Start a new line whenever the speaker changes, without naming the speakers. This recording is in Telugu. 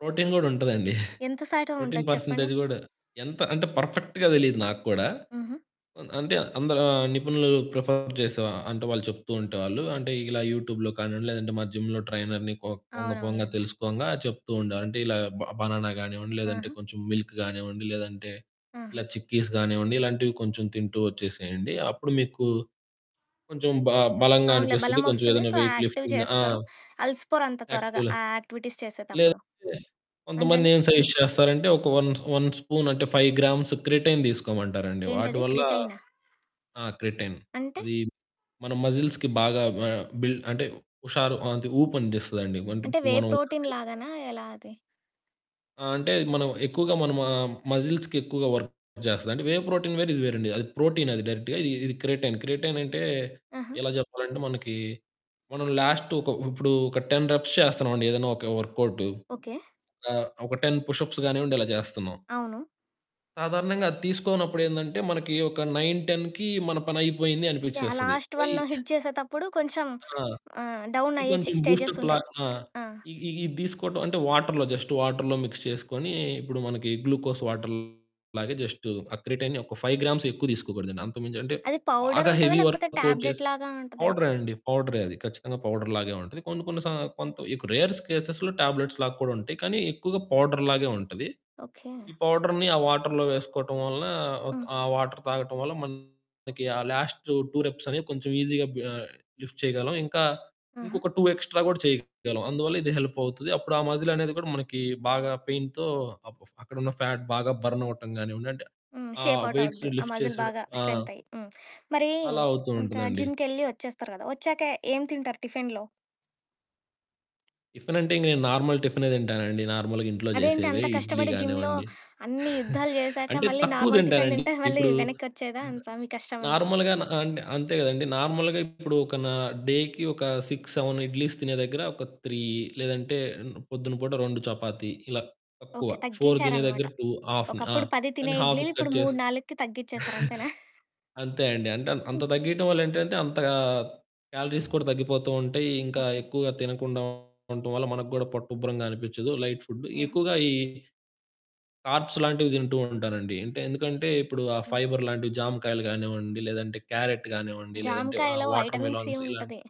ప్రోటీన్ కూడా ఉంటదండి.
ఎంత సైటు
ప్రోటీన్
ఉంటది చెప్పండి.
పర్సెంటేజ్ కూడా ఎంత అంటే పర్ఫెక్ట్‌గా తెలీదు నాకు కూడా.
హుహు.
అన్ అంటే అందరా ఆహ్, నిపుణులు ప్రిఫర్ చేసే అంటే వాళ్ళు చెప్తూ ఉంటేవాళ్ళు అంటే ఇలా యూట్యూబ్‌లో కానివ్వండి లేదంటే మా జిమ్‌లో ట్రైనర్‌ని పో పోంగ పోంగ
అవునవునులెండి.
తెలుసుకొంగా చెప్తూ ఉండేవాళ్ళు. అంటే ఇలా బ బనానా గానివ్వండి లేదంటే
ఆహా!
కొంచెం మిల్క్ గానివ్వండి లేదంటే
ఆహా!
ఇలా చిక్కీస్ గానివ్వండి ఇలాంటివి కొంచెం తింటూ వచ్చేసేయండి. అప్పుడు మీకు కొంచెం బ బలంగా
అవునులే
అనిపిస్తది
బలం
కొంచెం
వస్తుంది.
ఏదైనా
సో,
వెయిట్
యాక్టివ్
లిఫ్టింగ్ ఆ!
చేస్తారు. అలిసిపోరు అంత త్వరగా.
యాక్టివ్‌ల
ఆ యాక్టివిటీస్ చేసేతప్పుడు.
లేదంటే కొంతమంది
అంతేనా?
ఏం సజెస్ట్ చేస్తారంటే ఒక వన్ వన్ స్పూనంటే 5 గ్రామ్స్ క్రిటైన్ తీసుకోమంటారండి.
ఏంటది
వాటివల్ల
క్రిటైనా?
ఆ! క్రిటైన్.
అంటే?
అది మన మజిల్స్‌కి బాగా ఆహ్, బిల్డ్ అంటే హుషారు అంతే ఊపు అందిస్తదండి. అంటే
అంటే వే
ఇప్పుడు మనం ఒక
ప్రోటీన్
రకంగ
లాగానా ఎలా అది?
ఆ! అంటే మనం ఎక్కువగా మన మ మజిల్స్‌కి ఎక్కువగా వర్క్ చేస్తది. అంటే వేవ్ ప్రోటీన్ వేరు ఇది వేరండి. అది ప్రోటీన్. అది డైరెక్ట్‌గా ఇది క్రిటైన్. క్రిటైన్ అంటే,
ఆహా!
ఎలా చెప్పాలంటే మనకి మనం లాస్ట్ ఒక ఇప్పుడు ఒక 10 రెప్స్ చేస్తున్నామండి. ఏదైనా ఒక వర్కౌటు,
ఓకె.
ఆహ్, ఒక 10 పుష్ అప్స్ కానివ్వండి ఇలా చేస్తున్నాం.
అవును.
సాధారణంగా అది తీసుకోనప్పుడు ఏందంటే మనకి ఒక 9, 10కి మన పని అయిపోయింది
యాహ్!
అనిపిచ్చేస్తది.
లాస్ట్ వన్ను
[unintelligible]
హిట్ చేసేతప్పుడు కొంచెం
ఆ!
ఆహ్,
ఇది
డౌనయ్యే చే
కొంచెం బూస్టప్‌లా.
స్టేజెస్సుంటాయి.
ఆ!
ఆ!
ఇ ఇది తీసుకోవటం అంటే వాటరులో జస్ట్ వాటరులో మిక్స్ చేసుకొని ఇప్పుడు మనకి గ్లూకోజ్ వాటరులాగే జస్ట్ ఆ క్రిటైన్ ఒక 5 గ్రామ్సే ఎక్కువ తీసుకోకూడదండి. అంతకుమించి అంటే
అది
బాగా
పౌడరుంటదా?
హెవీ
లేకపోతే
వర్క్ అవుట్
టాబ్లెట్
చేసి
లాగా ఉంటదా?
పౌడరే అండి పౌడరే అది. ఖచ్చితంగా పౌడర్ లాగే ఉంటది. కొన్ని కొన్ని స కొంత రేర్ స్కెస్‌లో టాబ్లెట్స్ లాగా కూడా ఉంటాయి. కానీ ఎక్కువగా పౌడర్ లాగే ఉంటది.
ఓకే.
ఈ పౌడర్‌ని ఆ వాటరులో వేసుకోవటం వలన
ఆ!
ఆ వాటరు తాగటం వల్ల మనకి ఆ లాస్ట్ 2 రెప్స్ అనేవి కొంచెం ఈజీగా బి లిఫ్ట్ చేయగలం ఇంకా,
ఆహా!
ఇంకొక 2 ఎక్స్ట్రా కూడా చేయగలం. అందువల్ల ఇది హెల్పవుతుంది. అప్పుడు ఆ మజిల్ అనేది కూడా మనకి బాగా పెయిన్‌తో అక్ ఫ అక్కడున్న ఫ్యాట్ బాగా బర్న్ అవ్వటం కానివ్వండి అంటే,
ఆ!
ఆ
షేప్ అవుట్
వెయిట్స్
అవుద్దు. ఆ
లిఫ్ట్
మజిల్
చేసేయడం
బాగా
ఆ!
స్ట్రెంతయ్యి. హ్మ్. మరి
అలా అవుతూ
ఇంకా
ఉంటదండి.
జిమ్‌కెళ్లి వచ్చేస్తారు కదా! వచ్చాక ఏమి తింటారు టిఫినులో?
టిఫినంటే ఇంగ నేను నార్మల్ టిఫినే తింటానండి నార్మల్‌గా ఇంట్లో
అదేంటి
చేసేవే
అంత
ఇడ్లీ
కష్టపడి జిమ్‌లో
కానివ్వండి.
అన్ని యుద్ధాలు జేసాక
అంటే
మళ్ళీ
తక్కువ
నార్మల్ టిఫిను
తింటానండి
తింటే మళ్ళీ
ఇప్పుడు
వెనక్కి వచ్చేయదా
ద
అంతా మీ కష్టమంతా?
నార్మల్‌గా అన్ అంటే అంతే కదండీ. నార్మల్‌గా ఇప్పుడు ఒక నా డేకి ఒక 6, 7 ఇడ్లీస్ తినే దగ్గర ఒక 3 లేదంటే పొద్దున పూట 2 చపాతీ ఇలా తక్కువ.
ఓకే.
4 తినే
తగ్గించారనమాట.
దగ్గర 2 హాఫ్‌ని. ఆ!
ఒకప్పుడు 10 తినే
దాన్ని
ఇడ్లీలు,
హాఫ్‌కి
ఇప్పుడు
కట్
మూడు
చేసి
నాలుగుకి తగ్గించేసారు అంతేనా!
అంతే అండి. అంటే అంత
హ్మ్.
తగ్గియటం వల్ల ఏంటంటే అంతగా క్యాలరీస్ కూడా తగ్గిపోతూ ఉంటాయి. ఇంకా
ఓకె.
ఎక్కువగా తినకుండా ఉంటం వల్ల మనకు కూడా పొట్టుబ్బరంగా అనిపిచ్చదు లైట్ ఫుడ్
ఆహా!
ఎక్కువగా ఈ కార్బ్స్ లాంటివి తింటూ ఉంటానండి. అంటే ఎందుకంటే ఇప్పుడు ఆ
హ్మ్.
ఫైబర్ లాంటివి జాంకాయలు కానివ్వండి లేదంటే క్యారట్టు కానివ్వండి లేదంటే ఆహ్,
జాంకాయలో
వాటర్‌
వైటమిన్ సి
మిలాన్స్ ఇలాంటివి.
ఉంటది.